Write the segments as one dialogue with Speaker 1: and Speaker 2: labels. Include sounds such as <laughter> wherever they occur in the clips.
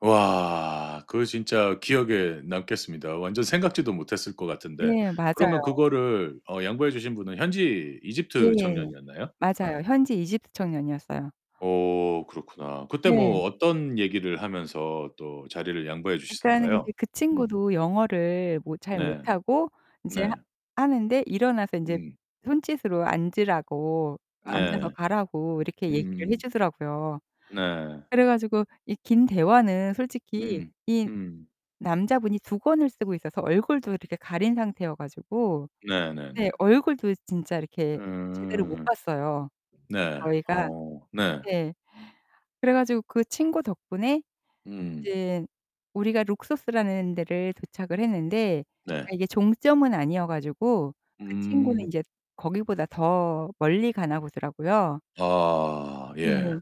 Speaker 1: 와. 그거 진짜 기억에 남겠습니다, 완전 생각지도 못했을 것 같은데.
Speaker 2: 네. 맞아요.
Speaker 1: 그러면
Speaker 2: 네.
Speaker 1: 그거를 어 양보해 주신 분은 현지 이집트
Speaker 2: 예.
Speaker 1: 청년이었나요? 어.
Speaker 2: 맞아요. 현지 이집트 청년이었어요.
Speaker 1: 오 그렇구나. 그때 뭐
Speaker 2: 네.
Speaker 1: 어떤 얘기를 하면서 또 자리를 양보해
Speaker 2: 그러니까
Speaker 1: 주시던가요?
Speaker 2: 근데 그
Speaker 1: 음
Speaker 2: 친구도 영어를 뭐 잘
Speaker 1: 네.
Speaker 2: 못하고 이제 하
Speaker 1: 네.
Speaker 2: 하는데 일어나서 이제
Speaker 1: 음.
Speaker 2: 손짓으로 앉으라고 앉아서
Speaker 1: 네.
Speaker 2: 가라고 이렇게 얘기를 해
Speaker 1: 음.
Speaker 2: 주더라고요.
Speaker 1: 네.
Speaker 2: 그래 가지고 이 긴 대화는 솔직히
Speaker 1: 음.
Speaker 2: 이
Speaker 1: 음.
Speaker 2: 남자분이 두건을 쓰고 있어서 얼굴도 이렇게 가린 상태여 가지고. 네
Speaker 1: 네네네.
Speaker 2: 얼굴도 진짜 이렇게 제대로 못
Speaker 1: 음.
Speaker 2: 봤어요,
Speaker 1: 네.
Speaker 2: 저희가.
Speaker 1: 어 네.
Speaker 2: 네. 그래 가지고 그 친구 덕분에
Speaker 1: 음.
Speaker 2: 이제 우리가 룩소스라는 데를 도착을 했는데
Speaker 1: 네.
Speaker 2: 이게 종점은 아니어 가지고 그 친구는
Speaker 1: 음.
Speaker 2: 이제 거기보다 더 멀리 가나 보더라고요.
Speaker 1: 아.
Speaker 2: 예.
Speaker 1: 예.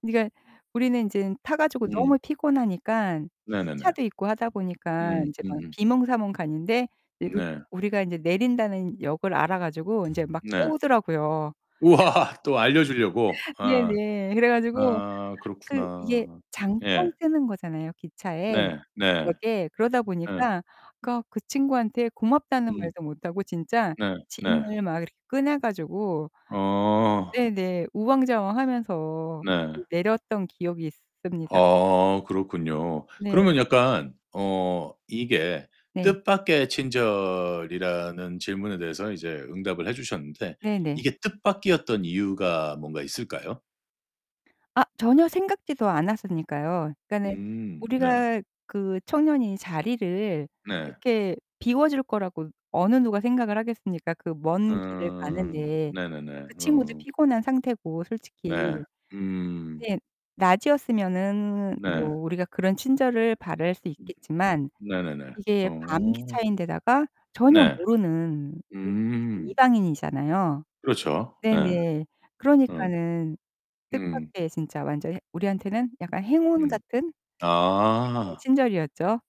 Speaker 2: 그니까 우리는 인젠 타 가지고
Speaker 1: 음.
Speaker 2: 너무 피곤하니까 그
Speaker 1: 네네네.
Speaker 2: 시차도 있고 하다 보니까
Speaker 1: 음
Speaker 2: 이제 막
Speaker 1: 음음.
Speaker 2: 비몽사몽 가는데 이 룩
Speaker 1: 네.
Speaker 2: 우리가 이제 내린다는 역을 알아 가지고 이제 막
Speaker 1: 네.
Speaker 2: 깨우더라고요.
Speaker 1: 우와. <laughs> 또 알려주려고? 어.
Speaker 2: 네네. 그래 가지고
Speaker 1: 아
Speaker 2: 그 이게
Speaker 1: 그렇구나.
Speaker 2: 잠깐
Speaker 1: 예.
Speaker 2: 서는 거잖아요, 기차에,
Speaker 1: 네. 네.
Speaker 2: 역에. 그러다
Speaker 1: 예.
Speaker 2: 보니까 그니까 그 친구한테 고맙다는
Speaker 1: 음.
Speaker 2: 말도 못하고 진짜
Speaker 1: 네 네.
Speaker 2: 짐을 막 이렇게 꺼내 가지고
Speaker 1: 어.
Speaker 2: 네네 우왕좌왕하면서
Speaker 1: 네.
Speaker 2: 내렸던 기억이 있습니다.
Speaker 1: 아 그렇군요.
Speaker 2: 네.
Speaker 1: 그러면 약간 어 이게
Speaker 2: 네.
Speaker 1: 뜻밖의 친절이라는 질문에 대해서는 이제 응답을 해 주셨는데
Speaker 2: 네네.
Speaker 1: 이게 뜻밖이었던 이유가 뭔가 있을까요?
Speaker 2: 아. 전혀 생각지도 않았으니까요. 그니까는
Speaker 1: 음 네.
Speaker 2: 우리가 그 청년이 자리를
Speaker 1: 네.
Speaker 2: 이렇게 비워줄 거라고 어느 누가 생각을 하겠습니까? 그 먼 길을
Speaker 1: 음.
Speaker 2: 가는데.
Speaker 1: 네네네.
Speaker 2: 그 친구도
Speaker 1: 음.
Speaker 2: 피곤한 상태고
Speaker 1: 네.
Speaker 2: 솔직히.
Speaker 1: 음.
Speaker 2: 네. 낮이었으면은
Speaker 1: 네.
Speaker 2: 뭐 우리가 그런 친절을 바랄 수 있겠지만
Speaker 1: 네네네.
Speaker 2: 이게 밤
Speaker 1: 어.
Speaker 2: 기차인 데다가 전혀
Speaker 1: 네.
Speaker 2: 모르는 그 솔직히
Speaker 1: 음.
Speaker 2: 이방인이잖아요.
Speaker 1: 그렇죠. 네.
Speaker 2: 네네.
Speaker 1: 음.
Speaker 2: 그러니까는
Speaker 1: 음.
Speaker 2: 뜻밖의 진짜 완전 해 우리한테는 약간 행운
Speaker 1: 음.
Speaker 2: 같은? 네.
Speaker 1: 아.
Speaker 2: 친절이었죠.